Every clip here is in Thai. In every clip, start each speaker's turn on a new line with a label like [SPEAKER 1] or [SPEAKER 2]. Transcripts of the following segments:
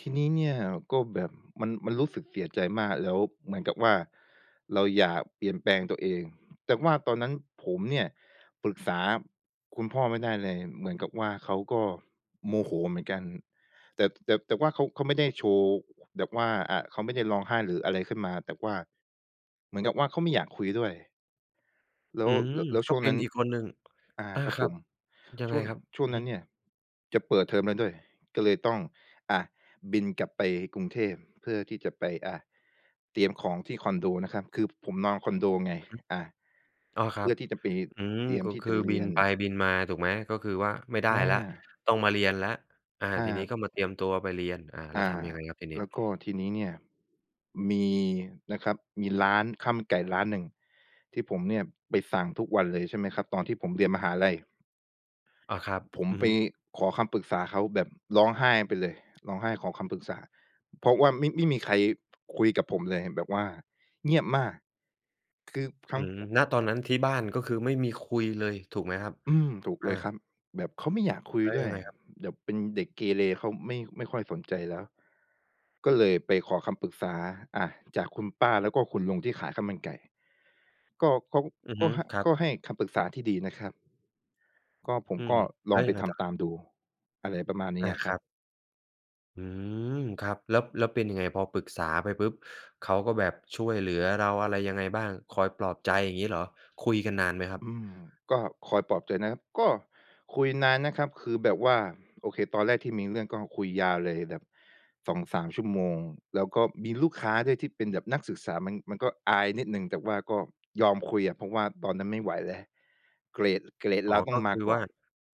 [SPEAKER 1] ที่นี้เนี่ยก็แบบ มัน มันรู้สึกเสียใจมาก แล้วเหมือนกับว่าเราอยากเปลี่ยนแปลงตัวเอง แต่ว่าตอนนั้นผมเนี่ยปรึกษาคุณพ่อไม่ได้เลย เหมือนกับว่าเขาก็โมโหเหมือนกัน แต่ แต่ แต่ว่าเขา เขาไม่ได้โชว์ ค แบบว่า อา เขาไม่ได้ร้องไห้หรืออะไรขึ้นมา แต่ว่า เหมือนกับว่าเขาไม่อยากคุยด้วย แล้
[SPEAKER 2] อื
[SPEAKER 1] ว
[SPEAKER 2] ม
[SPEAKER 1] ล แล้ว
[SPEAKER 2] ก
[SPEAKER 1] ช
[SPEAKER 2] ็
[SPEAKER 1] ่วง
[SPEAKER 2] เป
[SPEAKER 1] น
[SPEAKER 2] ็
[SPEAKER 1] ั
[SPEAKER 2] น
[SPEAKER 1] ้น
[SPEAKER 2] อีกคนหนึ่ง
[SPEAKER 1] อา
[SPEAKER 2] อา
[SPEAKER 1] ครับ
[SPEAKER 2] คร
[SPEAKER 1] ผ
[SPEAKER 2] ับ
[SPEAKER 1] ม
[SPEAKER 2] ยัง
[SPEAKER 1] ช
[SPEAKER 2] ไง
[SPEAKER 1] ่วง
[SPEAKER 2] ครับ?
[SPEAKER 1] ช่ว
[SPEAKER 2] อ
[SPEAKER 1] ง
[SPEAKER 2] ือ
[SPEAKER 1] นั
[SPEAKER 2] ฮ
[SPEAKER 1] ้น
[SPEAKER 2] ึ
[SPEAKER 1] เนี่ยจะเปิดเทอมแล้วด้วย ก็เลยต้อง อ่า บินกลับไปกรุงเทพเพื่อที่จะไป อ่า เตรียมของที่คอนโดนะครับ คือผมนอนคอนโดไง
[SPEAKER 2] อือฮึ
[SPEAKER 1] อ่า
[SPEAKER 2] อ้อ ค
[SPEAKER 1] เ
[SPEAKER 2] ร
[SPEAKER 1] พ
[SPEAKER 2] ั
[SPEAKER 1] ื่
[SPEAKER 2] บ
[SPEAKER 1] อที่จะไป
[SPEAKER 2] อืม
[SPEAKER 1] เตรียม
[SPEAKER 2] ก็
[SPEAKER 1] ที่
[SPEAKER 2] ค
[SPEAKER 1] จ
[SPEAKER 2] ื
[SPEAKER 1] ะ
[SPEAKER 2] อ
[SPEAKER 1] เร
[SPEAKER 2] บิ
[SPEAKER 1] ีย
[SPEAKER 2] น
[SPEAKER 1] น
[SPEAKER 2] ไปบินมา ถูกไหม ก็คือว่าไม่ได้
[SPEAKER 1] อ
[SPEAKER 2] แล้ว
[SPEAKER 1] า
[SPEAKER 2] ต้องมาเรียนแล้ว อา
[SPEAKER 1] อ
[SPEAKER 2] ทีนี้
[SPEAKER 1] า
[SPEAKER 2] ก็มาเตรียมตัวไปเรียน อา แล
[SPEAKER 1] อ
[SPEAKER 2] ้ว
[SPEAKER 1] า
[SPEAKER 2] ทำยังไงครับทีนี้?
[SPEAKER 1] แล้วก็ทีนี้เนี่ย มีนะครับ มีร้านข้าวมันไก่ร้านหนึ่งที่ผมเนี่ยไปสั่งทุกวันเลย ใช่ไหมครับ ตอนที่ผมเรียนมหาลัย
[SPEAKER 2] อ๋อ ครับ
[SPEAKER 1] ผม
[SPEAKER 2] อือ
[SPEAKER 1] ไป
[SPEAKER 2] ฮึ
[SPEAKER 1] ขอคำปรึกษาเขา แบบร้องไห้ไปเลย ร้องไห้ขอคำปรึกษา เพราะว่าไม่ ไม่มีใคร คุยกับผมเลย แบบว่าเงียบมาก คือทั
[SPEAKER 2] อื
[SPEAKER 1] ้ง
[SPEAKER 2] ม ณ ตอ
[SPEAKER 1] ค
[SPEAKER 2] นนั้น ที่บ้านก็คือไม่มีคุยเลย ถูกไหมครับ?
[SPEAKER 1] อืม ถูก
[SPEAKER 2] อ
[SPEAKER 1] เ
[SPEAKER 2] า
[SPEAKER 1] ลยครับ แบบเขาไม่อยากคุย
[SPEAKER 2] แล้ว
[SPEAKER 1] ด้
[SPEAKER 2] ย
[SPEAKER 1] ว
[SPEAKER 2] ั
[SPEAKER 1] ย
[SPEAKER 2] งไงครับ?
[SPEAKER 1] แบบเป็นเด็กเกเร เขาไม่ ไม่ค่อยสนใจแล้ว ก็เลยไปขอคำปรึกษา อ่า จากคุณป้าแล้วก็คุณลุงที่ขายข้าวมันไก่ ก็เขา
[SPEAKER 2] อือ
[SPEAKER 1] ก
[SPEAKER 2] ฮ
[SPEAKER 1] ็
[SPEAKER 2] ึ
[SPEAKER 1] ให้
[SPEAKER 2] ครั
[SPEAKER 1] ก
[SPEAKER 2] บ
[SPEAKER 1] ็ให้คำปรึกษาที่ดีนะครับ ก็ผ
[SPEAKER 2] อ
[SPEAKER 1] ม
[SPEAKER 2] ื
[SPEAKER 1] ก
[SPEAKER 2] ม
[SPEAKER 1] ็
[SPEAKER 2] แ
[SPEAKER 1] ล
[SPEAKER 2] ล้
[SPEAKER 1] อ
[SPEAKER 2] ว
[SPEAKER 1] งไ
[SPEAKER 2] ย
[SPEAKER 1] ป
[SPEAKER 2] ังไง
[SPEAKER 1] ท
[SPEAKER 2] ต่อค
[SPEAKER 1] ำ
[SPEAKER 2] ร
[SPEAKER 1] ต
[SPEAKER 2] ับ?
[SPEAKER 1] ามดู อะไรประมาณนี
[SPEAKER 2] อ
[SPEAKER 1] ้
[SPEAKER 2] า
[SPEAKER 1] อะค
[SPEAKER 2] ค
[SPEAKER 1] รั
[SPEAKER 2] รั
[SPEAKER 1] บ
[SPEAKER 2] บ อืม ครับ แล้ว แล้วเป็นยังไง พอปรึกษาไปปุ๊บ เขาก็แบบช่วยเหลือเราอะไรยังไงบ้าง? คอยปลอบใจอย่างงี้เหรอ? คุยกันนานไหมครั
[SPEAKER 1] อ
[SPEAKER 2] บ?
[SPEAKER 1] ืม ก็คอยปลอบใจนะครับ ก็คุยนานนะครับ คือแบบว่า โอเค ตอนแรกที่มีเรื่องก็คุยยาวเลยแบบ 2-3 ชั่วโมง แล้วก็มีลูกค้าด้วยที่เป็นแบบนักศึกษา มัน มันก็อายนิดหนึ่ง แต่ว่าก็ ยอมคุยอะ เพราะว่าตอนนั้นไม่ไหวแล้ว เกรด เกรด
[SPEAKER 2] อ๋
[SPEAKER 1] เ
[SPEAKER 2] อ
[SPEAKER 1] ราต้อ
[SPEAKER 2] ก็
[SPEAKER 1] งม
[SPEAKER 2] ค
[SPEAKER 1] า
[SPEAKER 2] ือ
[SPEAKER 1] ก
[SPEAKER 2] ว
[SPEAKER 1] ่
[SPEAKER 2] ่
[SPEAKER 1] อ
[SPEAKER 2] า
[SPEAKER 1] น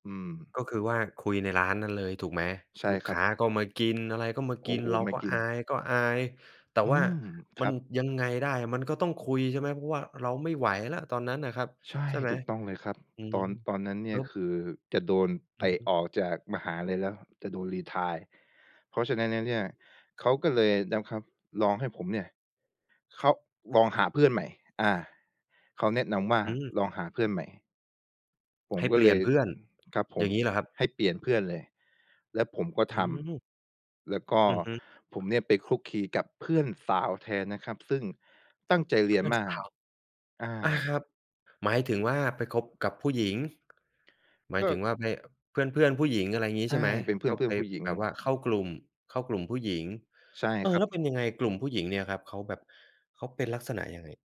[SPEAKER 1] อืม
[SPEAKER 2] ก็คือว่าคุยในร้านนั้นเลย ถูกไหม?
[SPEAKER 1] ใช่
[SPEAKER 2] ลูก
[SPEAKER 1] ค
[SPEAKER 2] ค
[SPEAKER 1] รั
[SPEAKER 2] ้
[SPEAKER 1] บ
[SPEAKER 2] าก็มากิน อะไรก็มา
[SPEAKER 1] โอ
[SPEAKER 2] กิ
[SPEAKER 1] ้
[SPEAKER 2] น
[SPEAKER 1] โฮ
[SPEAKER 2] เรา
[SPEAKER 1] ไม่
[SPEAKER 2] ก็
[SPEAKER 1] กิ
[SPEAKER 2] อ
[SPEAKER 1] น
[SPEAKER 2] าย ๆ แต่
[SPEAKER 1] อื
[SPEAKER 2] ว่า
[SPEAKER 1] ม ค
[SPEAKER 2] มั
[SPEAKER 1] ร
[SPEAKER 2] น
[SPEAKER 1] ับ
[SPEAKER 2] ยังไงได้ มันก็ต้องคุย ใช่ไหม เพราะว่าเราไม่ไหวแล้วตอนนั้นน่ะครับ
[SPEAKER 1] ใช่
[SPEAKER 2] ใช่ไหม?
[SPEAKER 1] ถูกต้องเลยครับ
[SPEAKER 2] อื
[SPEAKER 1] ต
[SPEAKER 2] ม
[SPEAKER 1] อน ตอนนั้นเน
[SPEAKER 2] แ
[SPEAKER 1] ี
[SPEAKER 2] ล
[SPEAKER 1] ่
[SPEAKER 2] ้
[SPEAKER 1] ย
[SPEAKER 2] ว
[SPEAKER 1] คือจะโดน
[SPEAKER 2] อ
[SPEAKER 1] เต
[SPEAKER 2] ือ
[SPEAKER 1] ะ
[SPEAKER 2] ฮึ
[SPEAKER 1] ออกจากมหาลัยแล้ว จะโดนรีไทร์ เพราะฉะนั้นแล้วเนี่
[SPEAKER 2] อ
[SPEAKER 1] ย
[SPEAKER 2] ืม
[SPEAKER 1] เขาก็เลยนะครับลองให้ผมเนี่ย เขา ลองหาเพื่อนใหม่ อา เขาแนะนำว่า
[SPEAKER 2] อืม
[SPEAKER 1] "ลองหาเพื่อนใหม่" ผม
[SPEAKER 2] ให้
[SPEAKER 1] ก็
[SPEAKER 2] เปล
[SPEAKER 1] เ
[SPEAKER 2] ี
[SPEAKER 1] ล
[SPEAKER 2] ่ยน
[SPEAKER 1] ย
[SPEAKER 2] เพื่อน
[SPEAKER 1] ครับผ
[SPEAKER 2] อย่
[SPEAKER 1] ม
[SPEAKER 2] างงี้เหรอครับ?
[SPEAKER 1] ให้เปลี่ยนเพื่อนเลย แล้วผมก็
[SPEAKER 2] อื
[SPEAKER 1] ท
[SPEAKER 2] ม
[SPEAKER 1] ำ แล้วก็
[SPEAKER 2] อือฮึ
[SPEAKER 1] ผมเนี่ยไปคลุกคลีกับเพื่อนสาวแทนนะครับ ซึ่งตั้งใจเร
[SPEAKER 2] เพ
[SPEAKER 1] ีย
[SPEAKER 2] ื
[SPEAKER 1] น
[SPEAKER 2] ่อน
[SPEAKER 1] ม
[SPEAKER 2] ส
[SPEAKER 1] าก
[SPEAKER 2] าว
[SPEAKER 1] อ
[SPEAKER 2] อา
[SPEAKER 1] า
[SPEAKER 2] ครับ หมายถึงว่าไปคบกับผู้หญิง หมาย
[SPEAKER 1] ก
[SPEAKER 2] ถึ
[SPEAKER 1] ็
[SPEAKER 2] งว่าไป เพื่อน ๆ ผู้หญิง อะไรงี
[SPEAKER 1] ใ
[SPEAKER 2] ้
[SPEAKER 1] ช
[SPEAKER 2] ใช
[SPEAKER 1] ่
[SPEAKER 2] ่ไหม
[SPEAKER 1] เป็นเพื่
[SPEAKER 2] ก็ไป
[SPEAKER 1] อน ๆ ผู้หญิง
[SPEAKER 2] แบบว่าเข้ากลุ่ม เข้ากลุ่มผู้หญิง
[SPEAKER 1] ใช่
[SPEAKER 2] เออ
[SPEAKER 1] ครั
[SPEAKER 2] แล้วเ
[SPEAKER 1] บ
[SPEAKER 2] ป็นยังไงกลุ่มผู้หญิงเนี่ยครับ เขาแบบ เขาเป็นลักษณะยังไง?